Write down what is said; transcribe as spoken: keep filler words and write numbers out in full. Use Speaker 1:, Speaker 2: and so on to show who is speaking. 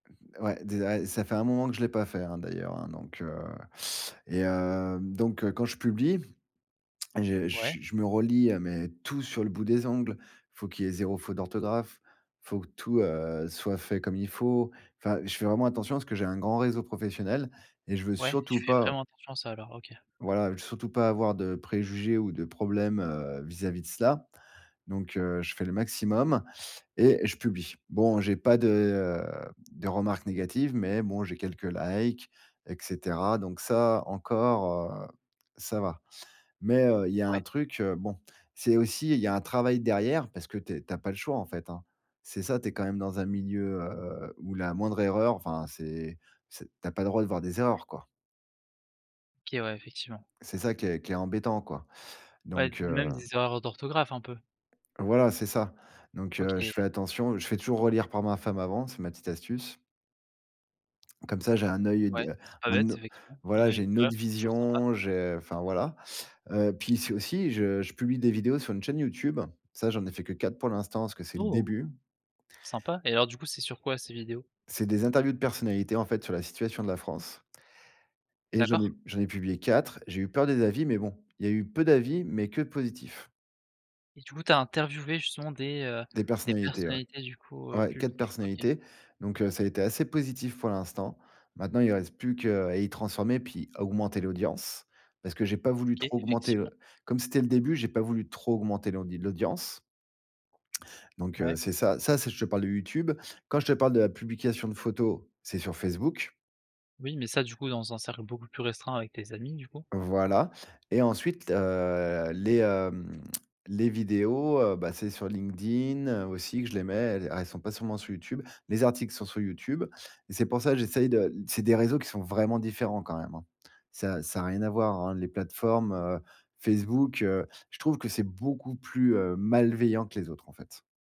Speaker 1: Ouais, des à, ça fait un moment que je l'ai pas fait, hein, d'ailleurs, hein, donc, heu et heu, donc heu, quand je publie, je
Speaker 2: Ouais.
Speaker 1: je je me relis, heu, mais tout sur le bout des ongles. Faut qu'il y ait zéro fautes d'orthographe. Faut que tout, heu, soit fait comme il faut. Enfin, je fais vraiment attention parce que j'ai un grand réseau professionnel et je veux
Speaker 2: Ouais, tu
Speaker 1: surtout
Speaker 2: fais
Speaker 1: pas
Speaker 2: vraiment attention à ça, alors? OK.
Speaker 1: voilà, surtout pas avoir de préjugés ou de problèmes, heu, vis-à-vis de cela. Donc heu, je fais le maximum et je publie. Bon, j'ai pas de, heu, de remarques négatives, mais bon j'ai quelques likes et cetera, donc ça, encore, heu, ça va. Mais heu, il y a
Speaker 2: Ouais.
Speaker 1: un truc, heu bon. C'est aussi il y a un travail derrière parce que tu es tu as pas le choix, en fait, hein. C'est ça, tu es quand même dans un milieu, heu, où la moindre erreur, enfin c'est c'est tu as pas le droit de voir des erreurs, quoi.
Speaker 2: OK, ouais, effectivement.
Speaker 1: C'est ça qui est qui est embêtant, quoi.
Speaker 2: Ouais,
Speaker 1: Donc, heu
Speaker 2: même des erreurs d'orthographe, un peu.
Speaker 1: Voilà, c'est ça. Donc heu, je
Speaker 2: OK.
Speaker 1: fais attention. Je fais toujours relire par ma femme avant, c'est ma petite astuce comme ça j'ai un œil
Speaker 2: Ouais,
Speaker 1: de
Speaker 2: c'est pas
Speaker 1: un
Speaker 2: bête,
Speaker 1: o
Speaker 2: effectivement. On a
Speaker 1: voilà, j'ai une
Speaker 2: l'extérieur,
Speaker 1: autre
Speaker 2: c'est toujours sympa.
Speaker 1: vision j'ai enfin, voilà. Heu, puis c'est aussi, je je publie des vidéos sur une chaîne YouTube. Ça, j'en ai fait que quatre pour l'instant, parce que c'est le
Speaker 2: Oh!
Speaker 1: début
Speaker 2: Sympa et alors, du coup, c'est sur quoi ces vidéos?
Speaker 1: c'est des interviews de personnalités, en fait, sur la situation de la France et j'en
Speaker 2: D'accord.
Speaker 1: ai j'en ai publié quatre. J'ai eu peur des avis, mais bon, il y a eu peu d'avis mais que positifs.
Speaker 2: Et du coup, tu as interviewé, justement, des, heu,
Speaker 1: Des
Speaker 2: des
Speaker 1: personnalités, ouais.
Speaker 2: personnalités, du coup, heu,
Speaker 1: Ouais, quatre
Speaker 2: publiques. OK.
Speaker 1: personnalités. Donc heu, ça a été assez positif pour l'instant. Maintenant, il reste plus que, heu, à y transformer, puis à augmenter l'audience. Parce que j'ai pas voulu
Speaker 2: OK,
Speaker 1: trop augmenter l'au
Speaker 2: effectivement.
Speaker 1: comme c'était le début, j'ai pas voulu trop augmenter l'audi l'audience. Donc
Speaker 2: Ouais.
Speaker 1: heu, c'est ça ça c'est je te parle de YouTube. Quand je te parle de la publication de photos, c'est sur Facebook.
Speaker 2: Oui, mais ça, du coup, dans un cercle beaucoup plus restreint, avec tes amis, du coup.
Speaker 1: Voilà. Et ensuite, heu, les, hem, les vidéos, heu bah, c'est sur LinkedIn aussi que je les mets. Elles elles sont pas seulement sur YouTube. Les articles sont sur YouTube et c'est pour ça j'essaye de c'est des réseaux qui sont vraiment différents, quand même, hein. Ça ça a rien à voir, hein, les plateformes. Heu, Facebook, heu, je trouve que c'est beaucoup plus, heu, malveillant que les autres, en fait.